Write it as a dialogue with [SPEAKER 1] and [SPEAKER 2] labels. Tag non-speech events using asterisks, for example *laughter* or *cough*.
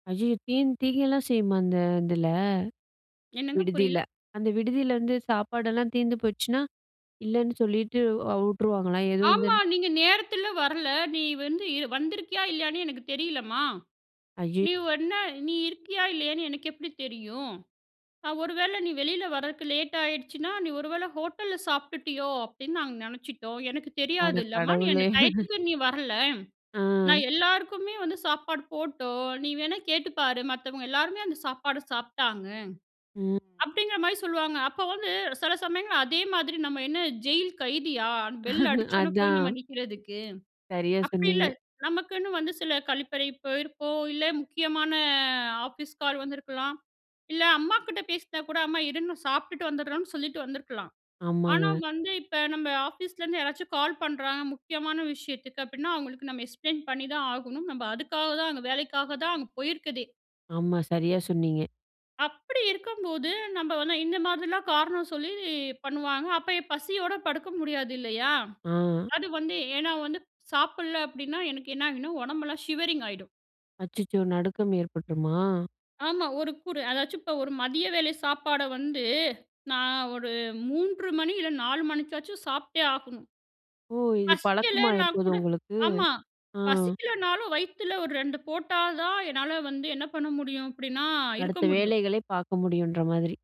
[SPEAKER 1] ஐயயோ! தீ திகைலாம் செய்யுமாங்க? அதில
[SPEAKER 2] என்னங்க
[SPEAKER 1] விடுதில
[SPEAKER 2] புரியல.
[SPEAKER 1] அந்த விடுதில, வந்து சாப்பாடெல்லாம் தீர்ந்து போச்சுனா இல்லைன்னு சொல்லிட்டு விட்டுருவாங்களா எதுவும்
[SPEAKER 2] ஆமா.
[SPEAKER 1] வந்து
[SPEAKER 2] "நீங்க நேரத்தில வரல நீ வந்து இது வந்திருக்கியா இல்லையான்னே எனக்கு தெரியலம்மா?
[SPEAKER 1] ஐயோ!
[SPEAKER 2] நீ என்ன நீ இருக்கியா இல்லையான்னு எனக்கு எப்படி தெரியும்? நான் ஒரு வேளை நீ வெளில வரதுக்கு லேட் ஆகிடுச்சுன்னா நீ ஒருவேளை ஹோட்டல்ல சாப்பிட்டுட்டியோ அப்படின்னு நாங்க நினைச்சிட்டோம். எனக்கு
[SPEAKER 1] அட
[SPEAKER 2] தெரியாதுல்லம்மா நீ அந்த
[SPEAKER 1] கடவுளே! *chuckles*
[SPEAKER 2] டைத்துக்கு நீ வரல.
[SPEAKER 1] அ.
[SPEAKER 2] நான் எல்லாருக்குமே வந்து சாப்பாடு போட்டோம் நீ வேணா கேட்டுப்பாரு மத்தவங்க எல்லாருமே அந்த சாப்பாடு சாப்பிட்டாங்க."
[SPEAKER 1] ம்.
[SPEAKER 2] அப்படிங்கிற மாரி சொல்லுவாங்க அப்போ வந்து சில சமயங்கள் அதே மாதிரி நம்ம என்ன ஜெயில் கைதியா பெல்
[SPEAKER 1] *chuckles*
[SPEAKER 2] அடிச்சோன போய் நம்ம
[SPEAKER 1] அதான்.
[SPEAKER 2] நிக்கிறதுக்கு.
[SPEAKER 1] சரியா
[SPEAKER 2] அப்படி இல்ல
[SPEAKER 1] சொன்னீங்க.
[SPEAKER 2] நமக்குன்னு வந்து சில கழிப்பறை போயிருப்போம் இல்ல, முக்கியமான ஆஃபீஸ் கால் வந்துருக்கலாம், இல்ல அம்மாகிட்ட பேசினா கூட "அம்மா, இரும்மா. சாப்பிட்டுட்டு வந்துடுறோம்னு" சொல்லிட்டு வந்திருக்கலாம். ஆனா
[SPEAKER 1] ஆமாங்க.
[SPEAKER 2] வந்து இப்போ நம்ம ஆஃபீஸ்லேருந்து யாராச்சும் கால் பண்ணுறாங்க முக்கியமான விஷயத்துக்கு அப்படின்னா அவங்களுக்கு நம்ம எக்ஸ்ப்ளைன் பண்ணி தான் ஆகணும். நம்ம அதுக்காக தான் அங்க வேலைக்காக தான் அங்க போயிருக்குதே.
[SPEAKER 1] ஆமா சரியா சொன்னீங்க.
[SPEAKER 2] அப்படி இருக்கும்போது நம்ம வந்து இந்த மாதிரிலாம் காரணம் சொல்லி பண்ணுவாங்க அப்போ இப்போ பசியோட படுக்க முடியாது இல்லையா?
[SPEAKER 1] அ.
[SPEAKER 2] அது வந்து ஏன்னா வந்து சாப்பிடல அப்படினா எனக்கு என்ன ஆகினா உடம்பெல்லாம் ஷிவரிங் ஆயிடும்.
[SPEAKER 1] அச்சச்சோ! நடுக்கம் ஏற்பட்டுருமா?
[SPEAKER 2] ஆமா. ஒரு குறு அதாச்சும் இப்போ ஒரு மதிய வேளை சாப்பாடு வந்து நான் ஒரு 3:00 மணி இல்ல, 4:00 மணிக்காச்சும் சாப்பிட்டே ஆகணும்.
[SPEAKER 1] ஓ! இது பழக்கமா
[SPEAKER 2] பசிக்கலைன்னா
[SPEAKER 1] இப்போது
[SPEAKER 2] கூட
[SPEAKER 1] உங்களுக்கு
[SPEAKER 2] ஆமா,
[SPEAKER 1] ஆ.
[SPEAKER 2] பசிக்கலனாலும் வயித்துல ஒரு 2:00 போட்டா தான் என்னால வந்து என்ன பண்ண முடியும்? அப்படின்னா இருக்க
[SPEAKER 1] அடுத்த
[SPEAKER 2] முடியும்.
[SPEAKER 1] வேலைகளே பார்க்க முடியும்ன்ற மாதிரி.